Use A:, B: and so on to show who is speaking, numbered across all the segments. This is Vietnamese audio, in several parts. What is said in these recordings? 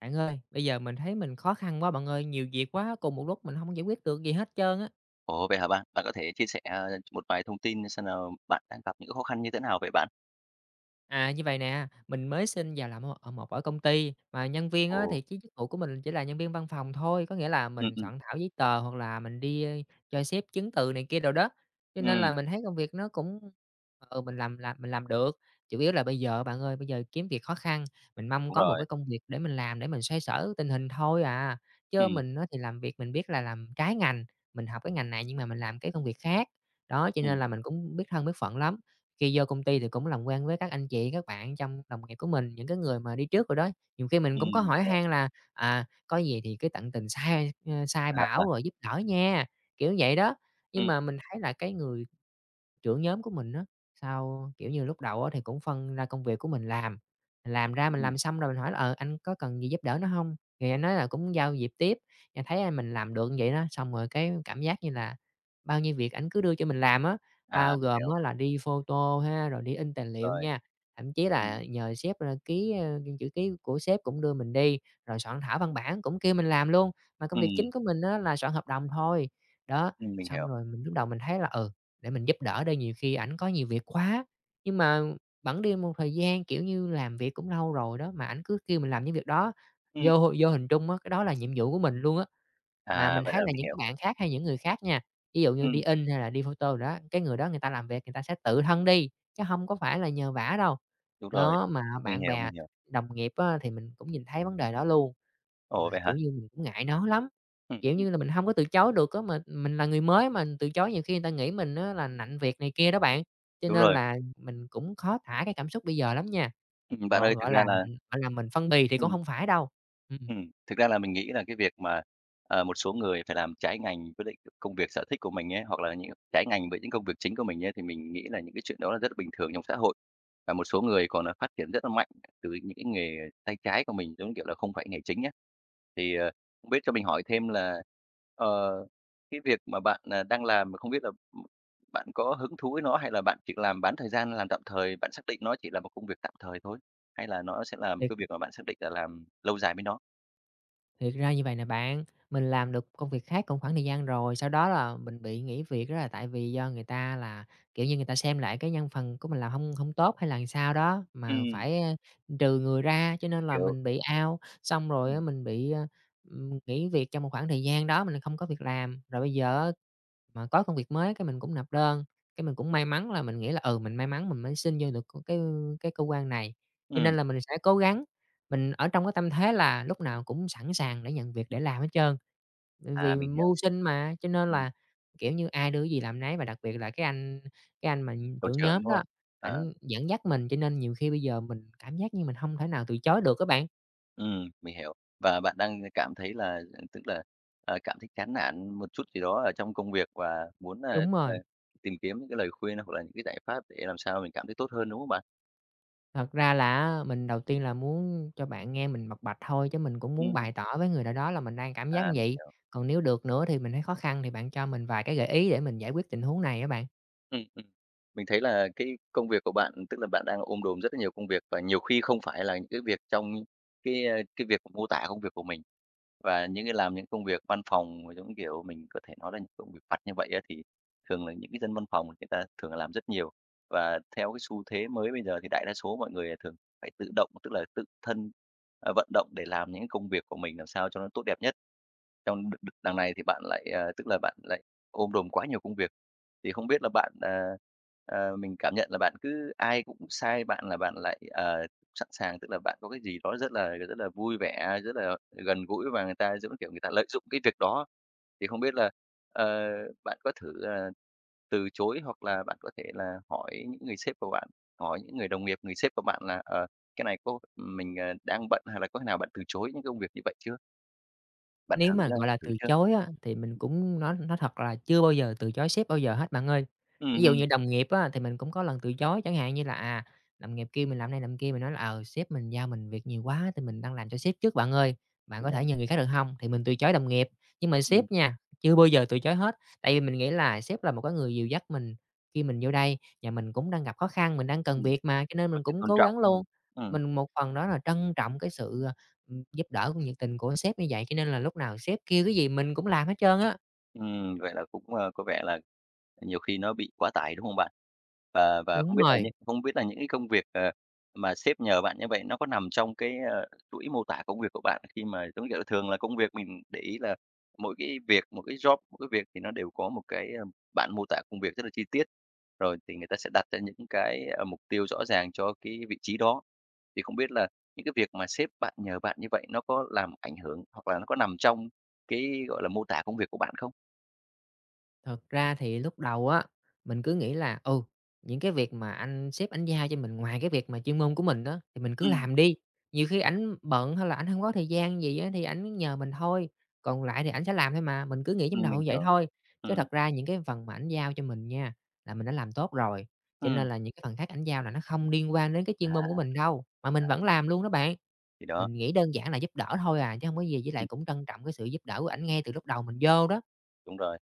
A: Bạn ơi, bây giờ mình thấy mình khó khăn quá bạn ơi, nhiều việc quá cùng một lúc, mình hông giải quyết được gì hết trơn á.
B: Ủa, vậy hả bạn? Bạn có thể chia sẻ, à, một vài thông tin xem là bạn đang gặp những cái khó khăn như thế nào vậy bạn?
A: À, như vậy nè, mình mới xin vào làm ở ở một ở công ty mà nhân viên á,
B: Ồ.
A: thì chứ chức vụ của mình chỉ là nhân viên văn phòng thôi, có nghĩa là
B: Ừm,
A: mình
B: ừm.
A: soạn thảo giấy tờ hoặc là mình đi, a, cho xếp chứng từ này kia đồ đó, cho nên
B: Ừm.
A: là mình thấy công việc nó cũng, ừ, mình làm làm mình làm được. Chủ yếu là bây giờ á bạn ơi, bây giờ kiếm việc khó khăn, mình mong
B: Đúng
A: có một
B: rồi.
A: cái công việc để mình làm để mình xoay sở tình hình thôi à, chớ
B: Ừm.
A: mình á, thì làm việc mình biết là làm trái ngành, mình học cái ngành này nhưng mà mình làm cái công việc khác. Đó, cho nên
B: Ừm.
A: là mình cũng biết thân biết phận lắm, khi vô công ty thì cũng làm quen với các anh chị, các bạn trong đồng nghiệp của mình, những cái người mà đi trước đồ đó, nhiều khi mình cũng có
B: Ừm,
A: hỏi
B: hiểu.
A: han là, à, có gì thì cứ tận tình sai, a, sai
B: À,
A: bảo
B: à.
A: rồi giúp đỡ nha, kiểu như vậy đó. Nhưng
B: Ừm.
A: mà mình thấy là cái người trưởng nhóm của mình á, sao, kiểu như, lúc đầu á, thì cũng phân ra công việc của mình làm, mình làm ra mình
B: Ừm.
A: làm xong rồi mình hỏi là, ờ, "Anh có cần gì giúp đỡ nữa hông?" thì anh nói là cũng giao việc tiếp. Anh thấy, a, mình làm được như vậy đó, xong rồi cái cảm giác như là bao nhiêu việc ảnh cứ đưa cho mình làm á. Bao
B: À, mình
A: gồm
B: hiểu.
A: á là đi photo ha, rồi đi in tài liệu
B: Rồi.
A: nha, thậm chí
B: Ừm.
A: là nhờ sếp, a, ký, a, chữ ký của sếp cũng đưa mình đi, rồi soạn thảo văn bản cũng kêu mình làm luôn, mà công việc chính
B: Ừm.
A: của mình á, là soạn hợp đồng thôi. Đó,
B: Ừm, mình
A: xong
B: hiểu.
A: rồi mình lúc đầu mình thấy là "Ừ, để mình giúp đỡ đi, nhiều khi ảnh có nhiều việc quá" nhưng mà, bẵng đi một thời gian, kiểu như, làm việc cũng lâu rồi đó, mà ảnh cứ kêu mình làm những việc đó,
B: Ừm.
A: vô vô hình trung á, cái đó là nhiệm vụ của mình luôn á. Mà mình
B: À, vậy
A: thấy
B: là
A: là
B: mình
A: những cái
B: hiểu
A: bạn khác hay những người khác nha, ví dụ như đi
B: Ừm.
A: in hay là đi photo đồ đó, cái người đó người ta làm việc người ta sẽ tự thân đi, chứ hông có phải là nhờ vả đâu.
B: Đúng rồi.
A: Đó, mà
B: Mình
A: bạn
B: hiểu,
A: bè
B: mình hiểu.
A: đồng nghiệp á, thì mình cũng nhìn thấy vấn đề đó luôn, mà,
B: Ủa? Vậy hả?
A: kiểu như, mình cũng ngại nói lắm,
B: Ừm,
A: kiểu
B: ừm.
A: như là, mình hông có từ chối được á, mà mình là người mới mà từ chối nhiều khi người ta nghĩ mình á, là nặn việc này kia đó bạn, cho
B: Đúng
A: nên
B: rồi.
A: là mình cũng khó tả cái cảm xúc bây giờ lắm nha,
B: Ừm, bạn
A: gọn
B: ơi, thực
A: gọi là,
B: ra là
A: ừm, gọi là, mình phân bì thì cũng
B: Ừm.
A: hông phải đâu. Ừm.
B: ừm, thực ra là mình nghĩ là cái việc mà, ờ, một số người phải làm trái ngành quyết định được công việc sở thích của mình ấy, hoặc là những trái ngành với những công việc chính của mình ấy, thì mình nghĩ là những cái chuyện đó là rất là bình thường trong xã hội. Và một số người còn, à, phát triển rất là mạnh từ những cái nghề tay trái của mình, giống như, kiểu, là không phải nghề chính á. Thì, ờ, biết cho mình hỏi thêm là, ờ, cái việc mà bạn, à, đang làm là không biết là bạn có hứng thú với nó, hay là bạn chỉ có làm bán thời gian, làm tạm thời, bạn xác định nó chỉ là một công việc tạm thời thôi? Hay là nó sẽ là một
A: Thì
B: cái
A: [unintelligible]
B: việc mà bạn xác định là làm lâu dài với nó?
A: Thiệt ra như vậy nè bạn, mình làm được công việc khác cùng khoảng thời gian rồi, sau đó là mình bị nghỉ việc, đó là tại vì do người ta là, kiểu như, người ta xem lại cái nhân phần của mình làm hông hông tốt hay là làm sao đó, mà
B: Ừm.
A: phải, ơ, trừ người ra, cho nên là
B: Hiểu.
A: mình bị out. Xong rồi á,
B: Ừm.
A: mình bị, ơ, ừm, nghỉ việc trong một khoảng thời gian đó mình không có việc làm, rồi bây giờ á, mà có công việc mới cái mình cũng nộp đơn. Cái mình cũng may mắn là, mình nghĩ là, ừ, mình may mắn mình mới xin vô được c cái, ư, cái cơ quan này, cho
B: Ừm.
A: nên là mình sẽ cố gắng, mình ở trong cái tâm thế là lúc nào cũng sẵn sàng để nhận việc để làm hết trơn. Ừm,
B: À,
A: vì
B: mình hiểu.
A: mưu sinh mà, cho nên
B: Ừm.
A: là, kiểu như, ai đưa gì làm nấy và đặc biệt là cái anh cái anh mà
B: Tổ
A: trưởng
B: trưởng,
A: nhóm
B: đúng
A: đó,
B: không? À.
A: ảnh dẫn dắt mình, cho nên nhiều khi bây giờ mình cảm giác như mình hông thể nào từ chối được á bạn.
B: Ừm, mình hiểu. Và bạn đang cảm thấy là, ờ, tức là, ờ, cảm thấy chán nản một chút gì đó ở trong công việc và muốn, ờ,
A: Đúng
B: ờ,
A: rồi.
B: tìm kiếm những cái lời khuyên hoặc là những cái giải pháp để làm sao mình cảm thấy tốt hơn, đúng không bạn?
A: Thật ra là á, mình đầu tiên là muốn cho bạn nghe mình bộc bạch thôi, chứ mình cũng muốn
B: Ừm.
A: bày tỏ với người nào đó là mình đang cảm giác như
B: À, mình
A: vậy.
B: hiểu.
A: Còn nếu được nữa thì mình thấy khó khăn thì bạn cho mình vài cái gợi ý để mình giải quyết tình huống này á bạn.
B: Ừm, ừm. Mình thấy là cái công việc của bạn, tức là bạn đang ôm đồm rất là nhiều công việc, và nhiều khi không phải là những cái việc trong cái, ơ, cái việc m mô tả công việc của mình. Và những cái làm những công việc văn phòng mà giống kiểu mình có thể nói là những công việc vặt như vậy á, thì thường là những cái dân văn phòng người ta thường làm rất nhiều. Và theo cái xu thế mới bây giờ thì đại đa số mọi người thường phải tự động, tức là tự thân, à, vận động để làm những công việc của mình làm sao cho nó tốt đẹp nhất. Trong đ đ đằng này thì bạn lại, ờ, tức là bạn lại ôm đồm quá nhiều công việc. Thì không biết là bạn, ờ, ờ, mình cảm nhận là bạn cứ ai cũng sai bạn là bạn lại, ờ, sẵn sàng, tức là bạn có cái gì đó rất là rất là vui vẻ, rất là gần gũi và người ta, giống kiểu, người ta lợi dụng cái việc đó. Thì không biết là, ờ, bạn có thử, ờ, từ chối hoặc là bạn có thể là hỏi những người sếp của bạn, hỏi những người đồng nghiệp, người sếp của bạn là, ờ, cái này có mình, à, đang bận hay là có khi nào bạn từ chối những cái công việc như vậy chưa? Bạn
A: Nếu
B: thử,
A: mà,
B: a,
A: gọi là,
B: thử
A: từ
B: chưa?
A: chối á, thì mình cũng nói nói thật là chưa bao giờ từ chối sếp bao giờ hết bạn ơi. Ví
B: Ừm,
A: dụ
B: ừm.
A: như đồng nghiệp á thì mình cũng có lần từ chối, chẳng hạn như là, à, đồng nghiệp kêu mình làm này làm kia, mình nói là, ờ, sếp mình giao mình việc nhiều quá thì mình đang làm cho sếp trước bạn ơi, bạn có thể
B: [unintelligible]
A: nhờ người khác được hông? Thì mình từ chối đồng nghiệp, nhưng mà sếp
B: Ừm.
A: nha, chưa bao giờ từ chối hết, tại vì mình nghĩ là sếp là một cái người dìu dắt mình khi mình vô đây và mình cũng đang gặp khó khăn, mình đang cần
B: Ừm.
A: việc mà cho nên
B: Có
A: mình
B: sự
A: cũng
B: tôn
A: cố
B: trọng,
A: gắng luôn.
B: ừm, ừm.
A: Mình một phần đó là trân trọng cái sự, à, giúp đỡ của nhiệt tình của sếp như vậy, cho nên là lúc nào sếp kêu cái gì mình cũng làm hết trơn á.
B: Ừm, vậy là cũng, ờ, có vẻ là nhiều khi nó bị quá tải, đúng không bạn? Và và không
A: Đúng
B: biết là
A: rồi.
B: những không biết là những cái công việc, à, mà sếp nhờ bạn như vậy nó có nằm trong cái, ờ, chuỗi mô tả công việc của bạn khi mà giống như kiểu là, thường là công việc mình để ý là mỗi cái việc, một cái job, mỗi cái việc thì nó đều có một cái, ưm, bản mô tả công việc rất là chi tiết, rồi thì người ta sẽ đặt ra những cái, ơ, mục tiêu rõ ràng cho cái vị trí đó. Thì không biết là những cái việc mà sếp bạn nhờ bạn như vậy nó có làm ảnh hưởng hoặc là nó có nằm trong cái, gọi là, mô tả công việc của bạn không?
A: Thật ra thì lúc đầu á, mình cứ nghĩ là, ừ, những cái việc mà anh sếp ảnh giao cho mình ngoài cái việc mà chuyên môn của mình á, thì mình cứ
B: Ừm.
A: làm đi, nhiều khi ảnh bận hay là ảnh hông có thời gian gì á, thì ảnh nhờ mình thôi, còn lại thì ảnh sẽ làm thôi mà, mình cứ nghĩ trong
B: Ừm,
A: đầu
B: mình
A: như vậy
B: hiểu,
A: thôi, chứ
B: ừm.
A: thật ra những cái phần mà ảnh giao cho mình nha, là mình đã làm tốt rồi, cho nên
B: Ừm.
A: là những cái phần khác ảnh giao là nó không liên quan đến cái
B: À,
A: chuyên môn của mình đâu, mà mình vẫn
B: đấy.
A: làm luôn đó bạn.
B: Thì đó.
A: Mình nghĩ đơn giản là giúp đỡ thôi à chứ hông có gì với lại
B: Ừm.
A: cũng trân trọng cái sự giúp đỡ của ảnh ngay từ lúc đầu mình vô đó.
B: Đúng rồi.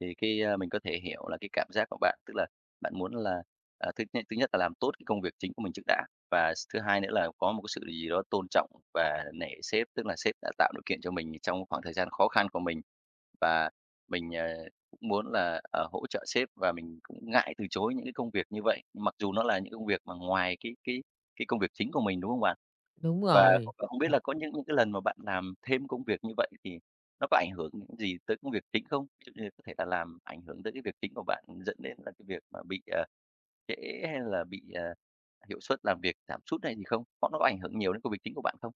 B: Thì cái, a, mình có thể hiểu là cái cảm giác của bạn, tức là bạn muốn là, à, thứ nhất thứ nhất là làm tốt cái công việc chính của mình trước đã và s thứ hai nữa là có một cái sự gì đó tôn trọng và nể sếp. Tức là sếp đã tạo điều kiện cho mình trong khoảng thời gian khó khăn của mình và mình, ờ, cũng muốn là, ờ, hỗ trợ sếp và mình cũng ngại từ chối những cái công việc như vậy, mặc dù nó là những cái công việc mà ngoài cái cái cái công việc chính của mình, đúng không bạn?
A: Đúng
B: Và
A: rồi,
B: [unintelligible] không biết là
A: ờ
B: có những cái lần mà bạn làm thêm công việc như vậy thì nó có ảnh hưởng những gì tới công việc chính không? Ví dụ như có thể là làm ảnh hưởng tới cái việc chính của bạn, dẫn đến là cái việc mà bị, ờ, trễ hay là bị, à, hiệu suất làm việc giảm sút hay gì không? Có nó có ảnh hưởng nhiều đến công việc chính của bạn không?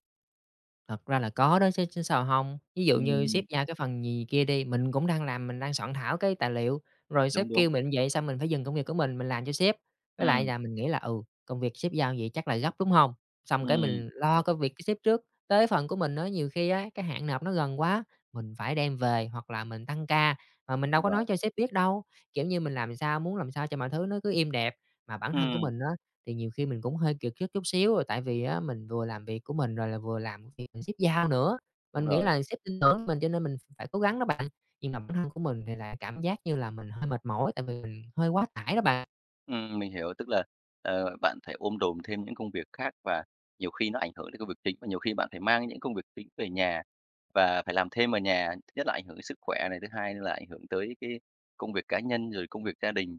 A: Thật ra là có đó chứ, chứ sao hông. Ví dụ như sếp
B: Ừm.
A: giao cái phần gì kia đi, mình cũng đang làm, mình đang soạn thảo cái tài liệu, rồi sếp
B: Đúng, đúng.
A: kêu mình như vậy xong mình phải dừng công việc của mình, mình làm cho sếp. Với lại
B: Ừm.
A: là mình nghĩ là, ừ, công việc sếp giao như vậy chắc là gấp, đúng hông? Xong cái
B: Ừm,
A: mình lo
B: hiểu.
A: công việc của sếp trước, tới phần của mình á nhiều khi á cái hạn nộp nó gần quá, mình phải đem về hoặc là mình tăng ca mà mình đâu
B: Đúng
A: có nói
B: rồi.
A: cho sếp biết đâu. Kiểu như, mình làm sao muốn làm sao cho mọi thứ nó cứ êm đẹp, mà bản thân của
B: Ừm.
A: mình á thì nhiều khi mình cũng hơi kiệt sức chút xíu là tại vì á mình vừa làm việc của mình rồi là vừa làm việc mà sếp giao nữa.
B: Đúng
A: Mình nghĩ
B: rồi.
A: là sếp tin tưởng mình cho nên mình ph phải cố gắng đó bạn. Nhưng mà bản thân của mình thì là cảm giác như là mình hơi mệt mỏi tại vì mình hơi quá tải đó bạn.
B: Ừm, mình hiểu, tức là, ờ, bạn phải ôm đồm thêm những công việc khác và nhiều khi nó ảnh hưởng đến công việc chính và nhiều khi bạn phải mang những công việc chính về nhà, và phải làm thêm ở nhà. Thứ nhất là ảnh hưởng đến sức khỏe này, thứ hai nữa là ảnh hưởng tới cái công việc cá nhân, rồi công việc gia đình.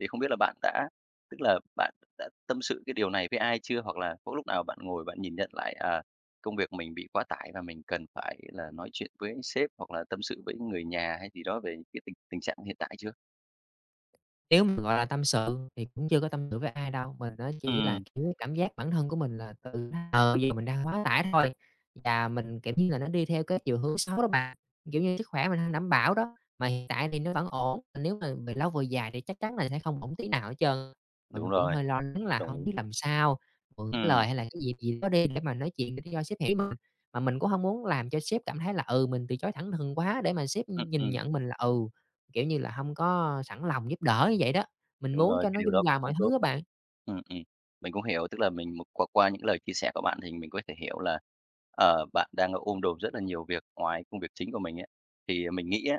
B: Thì không biết là bạn đã tức là bạn đã tâm sự cái điều này với ai chưa? Hoặc là có lúc nào bạn ngồi bạn nhìn nhận lại, à, công việc mình bị quá tải và mình cần phải là nói chuyện với sếp hoặc là tâm sự với người nhà hay gì đó về cái tình tình trạng hiện tại chưa?
A: Nếu mà, gọi là, tâm sự thì cũng chưa có tâm sự với ai đâu. Mình á chỉ là,
B: Ừm.
A: kiểu, cảm giác bản thân của mình là tự ờ, bây giờ mình đang quá tải thôi và mình, kiểu như là, nó đi theo cái chiều hướng xấu đó bạn. Kiểu như, sức khỏe mình hông đảm bảo đó, mà hiện tại thì nó vẫn ổn, mà nếu mà về lâu về dài thì chắc chắn là sẽ không ổn tí nào hết trơn. Mà mình
B: Đúng
A: cũng
B: rồi,
A: hơi lo lắng là
B: đồng
A: hông
B: ý.
A: biết làm sao, mượn cái
B: Ừm.
A: lời hay là cái dịp gì đó đi để mà nói chuyện để cho sếp hiểu mình, mà mình cũng hông muốn làm cho sếp cảm thấy là, ừ, mình từ chối thẳng thừng quá để mà sếp
B: Ừm,
A: nhìn
B: ừm.
A: nhận mình là, ừ, kiểu như là, hông có sẵn lòng giúp đỡ như vậy đó, mình
B: Đúng
A: muốn
B: rồi,
A: cho
B: cái
A: nó
B: điều đó
A: dung hòa
B: cũng
A: mọi
B: không tốt.
A: thứ á bạn.
B: Ừm, ừm, mình cũng hiểu, tức là mình qua qua những lời chia sẻ của bạn thì mình có thể hiểu là, ờ, bạn đang ôm đồm rất là nhiều việc ngoài công việc chính của mình ấy. Thì mình nghĩ á,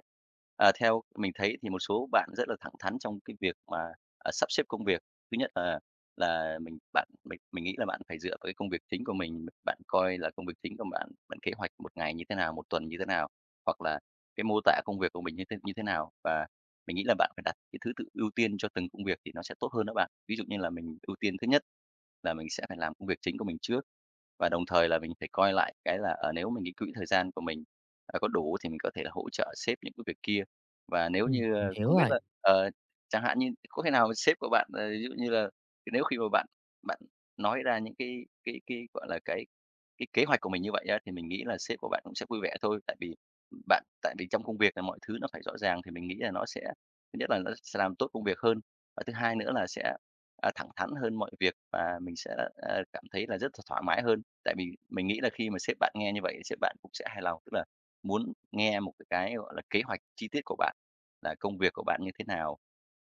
B: à, theo mình thấy thì một số bạn rất là thẳng thắn trong cái việc mà, à, sắp xếp công việc. Thứ nhất là là mình bạn mình mình nghĩ là bạn phải dựa vào cái công việc chính của mình, bạn coi là công việc chính của bạn, bạn kế hoạch 1 ngày như thế nào, 1 tuần như thế nào, hoặc là cái mô tả công việc của mình như thế như thế nào, và mình nghĩ là bạn phải đặt cái thứ tự ưu tiên cho từng công việc thì nó sẽ tốt hơn đó bạn. Ví dụ như là mình ưu tiên thứ nhất là mình sẽ phải làm công việc chính của mình trước, và đồng thời là mình phải coi lại cái là, ờ, nếu mình nghĩ quỹ thời gian của mình, ờ, có đủ thì mình có thể là hỗ trợ sếp những cái việc kia. Và nếu
A: Ừm,
B: như
A: mình
B: a
A: hiểu
B: không biết
A: rồi.
B: là, ờ, chẳng hạn như có khi nào mà sếp của bạn, ờ, ví dụ như là nếu khi mà bạn bạn nói ra những cái cái cái, gọi là, cái cái kế hoạch của mình như vậy á, thì mình nghĩ là sếp của bạn cũng sẽ vui vẻ thôi. Tại vì bạn tại vì trong công việc là mọi thứ nó phải rõ ràng thì mình nghĩ là nó sẽ thứ nhất là nó sẽ làm tốt công việc hơn và thứ hai nữa là sẽ, à, thẳng thắn hơn mọi việc và mình sẽ, ờ, cảm thấy là rất th thoải mái hơn. Tại vì mình nghĩ là khi mà sếp bạn nghe như vậy thì sếp bạn cũng sẽ hài lòng, tức là muốn nghe một cái, gọi là, kế hoạch chi tiết của bạn, là công việc của bạn như thế nào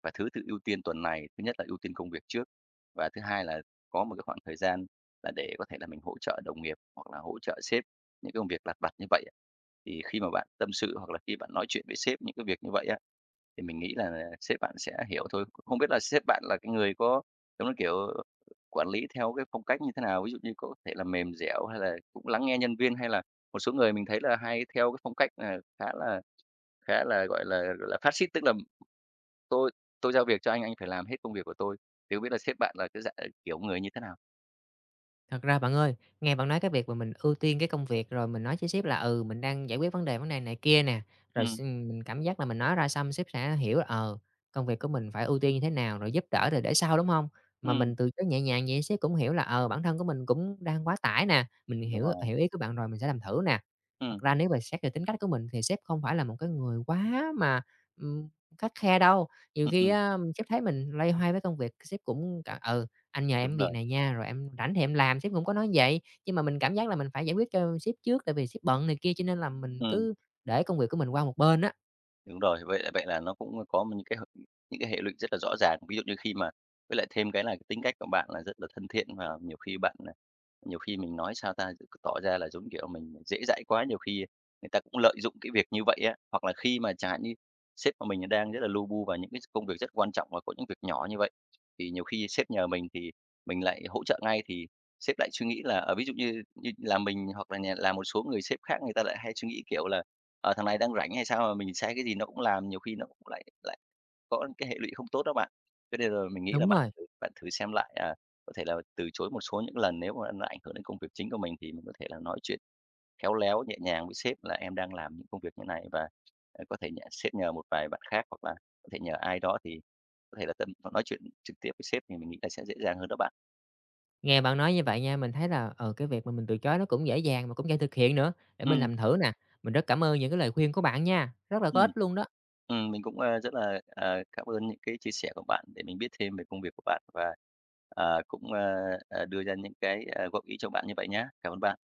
B: và thứ tự ưu tiên tuần này, thứ nhất là ưu tiên công việc trước và thứ hai là có một cái khoảng thời gian là để có thể là mình hỗ trợ đồng nghiệp hoặc là hỗ trợ sếp những cái công việc lặt vặt như vậy á. Thì khi mà bạn tâm sự hoặc là khi bạn nói chuyện với sếp những cái việc như vậy á, thì mình nghĩ là là sếp bạn sẽ hiểu thôi, không biết là sếp bạn là cái người có giống như, kiểu, quản lý theo cái phong cách như thế nào? Ví dụ như có thể là mềm dẻo hay là cũng lắng nghe nhân viên, hay là một số người mình thấy là hay theo cái phong cách, à, khá là khá là, gọi là, là phát-xít, tức là tôi tôi giao việc cho anh, anh phải làm hết công việc của tôi. Thì không biết là sếp bạn là cái dạng kiểu người như thế nào?
A: Thật ra, bạn ơi, nghe bạn nói cái việc mà mình ưu tiên cái công việc, rồi mình nói với sếp là, ừ, mình đang giải quyết vấn đề, vấn đề này kia nè, rồi
B: Ừm.
A: s mình cảm giác là mình nói ra xong sếp sẽ hiểu là, ờ, công việc của mình phải ưu tiên như thế nào, rồi giúp đỡ thi để sau, đúng hông? Mà
B: Ừm.
A: mình từ chối nhẹ nhàng vậy sếp cũng hiểu là, ờ, bản thân của mình cũng đang quá tải nè. Mình
B: Đúng
A: hiểu
B: rồi.
A: hiểu ý của bạn rồi, mình sẽ làm thử nè. Thật
B: Ừm.
A: ra nếu mà xét về tính cách của mình thì sếp không phải là một cái người quá mà, ưm, khắt khe đâu. Nhiều
B: Ừm,
A: khi
B: ừm.
A: á, sếp thấy mình loay hoay với công việc, sếp cũng c "Ừ, anh nhờ
B: Đúng
A: em việc
B: rồi.
A: này nha, rồi em rảnh thì em làm." Sếp cũng có nói như vậy, nhưng mà mình cảm giác là mình phải giải quyết cho sếp trước tại vì sếp bận này kia. Cho nên là mình
B: Ừm.
A: cứ để công việc của mình qua một bên á.
B: Đúng rồi, vậy là vậy là nó cũng có những cái h những cái hệ lụy rất là rõ ràng. Ví dụ như khi mà với lại thêm cái là cái tính cách của bạn là rất là thân thiện và nhiều khi bạn, à nhiều khi, mình nói sao ta? Cứ tỏ ra là, giống kiểu là, mình dễ dãi quá, nhiều khi người ta cũng lợi dụng cái việc như vậy á. Hoặc là khi mà, chẳng hạn như, sếp của mình đang rất là lu bu vào những cái công việc rất quan trọng và có những việc nhỏ như vậy, thì nhiều khi sếp nhờ mình thì mình lại hỗ trợ ngay thì sếp lại suy nghĩ là, ờ, ví dụ như như là mình, hoặc là nhà là một số người sếp khác người ta lại hay suy nghĩ kiểu là "Ờ, thằng này đang rảnh hay sao mà mình sai cái gì nó cũng làm?" Nhiều khi nó cũng lại lại có cái hệ lụy không tốt đó bạn. Thế nên là mình nghĩ là
A: Đúng
B: bạn
A: rồi.
B: thử bạn thử xem lại, à, có thể là từ chối một số những lần, nếu mà nó ảnh hưởng đến công việc chính của mình thì mình có thể là nói chuyện khéo léo, nhẹ nhàng với sếp là "Em đang làm những công việc thế này, và có thể nh sếp nhờ một vài bạn khác." Hoặc là có thể nhờ ai đó thì có thể là tâm họ nói chuyện trực tiếp với sếp thì mình nghĩ là sẽ dễ dàng hơn đó bạn.
A: Nghe bạn nói như vậy nha, mình thấy là, ờ, cái việc mà mình từ chối nó cũng dễ dàng mà cũng dễ thực hiện nữa. Để mình
B: Ừm.
A: làm thử nè. Mình rất cảm ơn những cái lời khuyên của bạn nha, rất là có
B: Ừm.
A: ích luôn đó!
B: Ừm, mình cũng, ờ, rất là, ờ, cám ơn những cái chia sẻ của bạn để mình biết thêm về công việc của bạn và, à, cũng, a, à, đưa ra những cái, à, góp ý cho bạn như vậy nhá. Cảm ơn bạn.